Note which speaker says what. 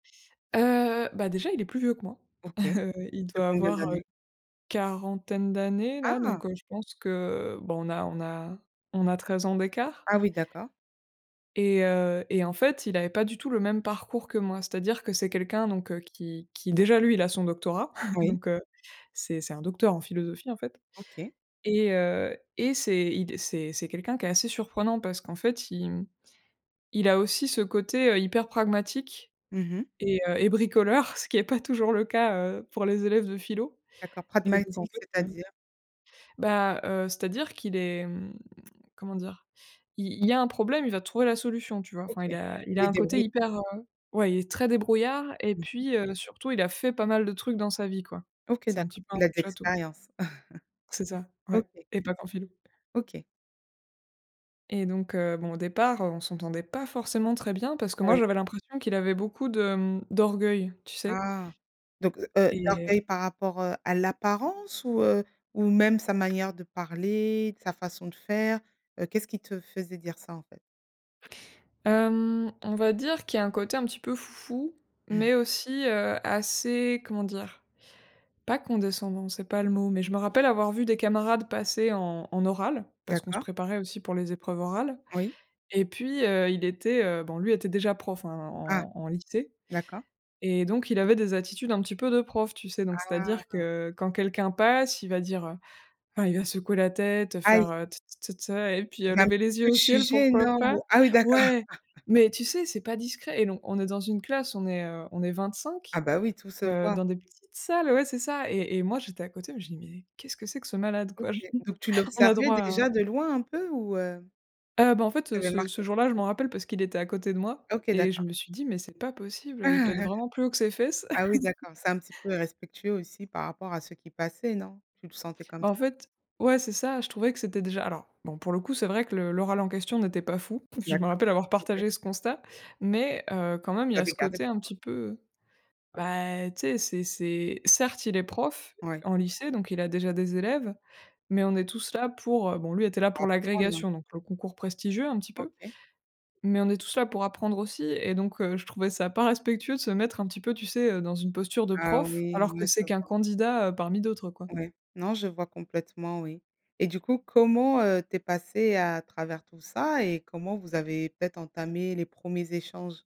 Speaker 1: Heu, bah, déjà il est plus vieux que moi.
Speaker 2: OK.
Speaker 1: Heu, il
Speaker 2: De
Speaker 1: doit
Speaker 2: combien
Speaker 1: avoir, heu,
Speaker 2: d'années?
Speaker 1: quarantaine d'années là,
Speaker 2: Ah!
Speaker 1: donc heu, je pense que bon on a on a on a 13 ans d'écart
Speaker 2: Ah oui d'accord.
Speaker 1: et heu, et en fait il avait pas du tout le même parcours que moi. C'est-à-dire que c'est quelqu'un, donc heu, qui qui déjà lui il a son doctorat,
Speaker 2: Oui.
Speaker 1: donc heu, c'est c'est un docteur en philosophie en fait
Speaker 2: OK.
Speaker 1: et heu, et c'est il d c'est c'est quelqu'un qui est assez surprenant. Parce qu'en fait il mmh, il a aussi ce côté, heu, hyper pragmatique
Speaker 2: Mmh mh.
Speaker 1: et heu, et bricoleur, ce qui est pas toujours le cas, heu, pour les élèves de philo
Speaker 2: D'accord,
Speaker 1: et donc en
Speaker 2: pragmatique,
Speaker 1: fait, heu
Speaker 2: c'est-à-dire?
Speaker 1: bah, heu, c'est-à-dire qu'il est mmh, comment dire? Il il y a un problème, il va te trouver la solution, tu vois? Enfin il
Speaker 2: OK,
Speaker 1: a il a
Speaker 2: il
Speaker 1: un côté
Speaker 2: débrouille.
Speaker 1: hyper, heu ouais, il est très débrouillard et
Speaker 2: Mmh mh.
Speaker 1: puis, heu, surtout il a fait pas mal de trucs dans sa vie quoi.
Speaker 2: OK,
Speaker 1: C'est un
Speaker 2: d'accord,
Speaker 1: petit peu un
Speaker 2: il a de
Speaker 1: touche-à-tout.
Speaker 2: expérience.
Speaker 1: C'est ça ouais
Speaker 2: OK.
Speaker 1: et pas qu'en philo.
Speaker 2: OK.
Speaker 1: Et donc heu, bon au départ, on s'entendait pas forcément très bien parce que moi
Speaker 2: Oui.
Speaker 1: j'avais l'impression qu'il avait beaucoup de mmh, d'orgueil tu sais?
Speaker 2: Ah, donc heu,
Speaker 1: Et
Speaker 2: d'orgueil par rapport, heu, à l'apparence ou heu, ou même sa manière de parler, sa façon de faire? Heu, qu'est-ce qui te faisait dire ça en fait?
Speaker 1: Hem, on va dire qu'il y a un côté un petit peu foufou mais aussi, heu, assez, comment dire? Pas condescendant, c'est pas le mot, mais je me rappelle avoir vu des camarades passer en en oral- parce qu'on se
Speaker 2: D'accord.
Speaker 1: préparait aussi pour les épreuves orales-
Speaker 2: Oui.
Speaker 1: et puis, heu, il était, heu bon lui était déjà prof, hein,
Speaker 2: Ah,
Speaker 1: en en lycée
Speaker 2: d'accord.
Speaker 1: et donc il avait des attitudes un petit peu de prof, tu sais? Donc c'est-à-dire
Speaker 2: Ah.
Speaker 1: que quand quelqu'un passe, il va dire, heu enfin il va secouer la tête,
Speaker 2: Aïe.
Speaker 1: faire, heu: «T t t te» et puis,
Speaker 2: Il
Speaker 1: heu,
Speaker 2: va un
Speaker 1: lever
Speaker 2: petit
Speaker 1: les yeux
Speaker 2: peu te
Speaker 1: au ciel,
Speaker 2: juger,
Speaker 1: pourquoi
Speaker 2: non,
Speaker 1: pas
Speaker 2: ou? Ah oui, d'accord.
Speaker 1: ouais! Mais tu sais, c'est pas discret et donc on est dans une classe, on est, heu, on est vingt
Speaker 2: Ah
Speaker 1: cinq,
Speaker 2: bah, oui tout se
Speaker 1: heu,
Speaker 2: voit.
Speaker 1: dans des petites salles ouais c'est ça et et moi j'étais à côté, mais je dis: «Mais qu'est-ce que c'est que ce malade
Speaker 2: OK,
Speaker 1: quoi? J
Speaker 2: donc tu
Speaker 1: on a
Speaker 2: l'observais
Speaker 1: droit à»
Speaker 2: déjà, de loin, un peu, ou heu?
Speaker 1: Ah bah, en fait, heu,
Speaker 2: T'avais
Speaker 1: ce ce
Speaker 2: marquée?
Speaker 1: jour-là je m'en rappelle parce qu'il était à côté de moi
Speaker 2: OK
Speaker 1: et je
Speaker 2: d'accord.
Speaker 1: me suis dit: «Mais c'est pas possible,
Speaker 2: Ah!
Speaker 1: heu, il pète vraiment plus haut que ses fesses».
Speaker 2: Ah oui, d'accord, c'est un petit peu irrespectueux aussi, par rapport à ceux qui passaient, non? Tu le sentais comme
Speaker 1: Bah, en
Speaker 2: ça?
Speaker 1: fait ouais c'est ça, je trouvais que c'était déjà alors bon, pour le coup, c'est vrai que le l'oral en question n'était pas fou. Je me
Speaker 2: D'accord
Speaker 1: rappelle avoir
Speaker 2: OK.
Speaker 1: partagé ce constat mais heu, quand même il y a
Speaker 2: T'avais
Speaker 1: ce
Speaker 2: gardé
Speaker 1: côté
Speaker 2: pour
Speaker 1: un
Speaker 2: toi.
Speaker 1: petit peu, heu bah et tu sais c'est c'est certes il est prof
Speaker 2: Ouais.
Speaker 1: en lycée donc il a déjà des élèves, mais on est tous là pour, heu bon lui était là
Speaker 2: Pour
Speaker 1: pour
Speaker 2: apprendre, hein.
Speaker 1: l'agrégation donc le concours prestigieux un petit peu,
Speaker 2: OK.
Speaker 1: mais on est tous là pour apprendre aussi et donc heu, je trouvais ça pas respectueux de se mettre un petit peu, tu sais, heu, dans une posture de
Speaker 2: Ah
Speaker 1: prof,
Speaker 2: oui,
Speaker 1: alors
Speaker 2: ouais
Speaker 1: que
Speaker 2: je
Speaker 1: c'est qu'un
Speaker 2: vois.
Speaker 1: candidat, heu, parmi d'autres quoi.
Speaker 2: Ouais, non je vois complètement oui et du coup comment, heu, tu es passée à travers tout ça? Et comment vous avez peut-être entamé les 1ers échanges?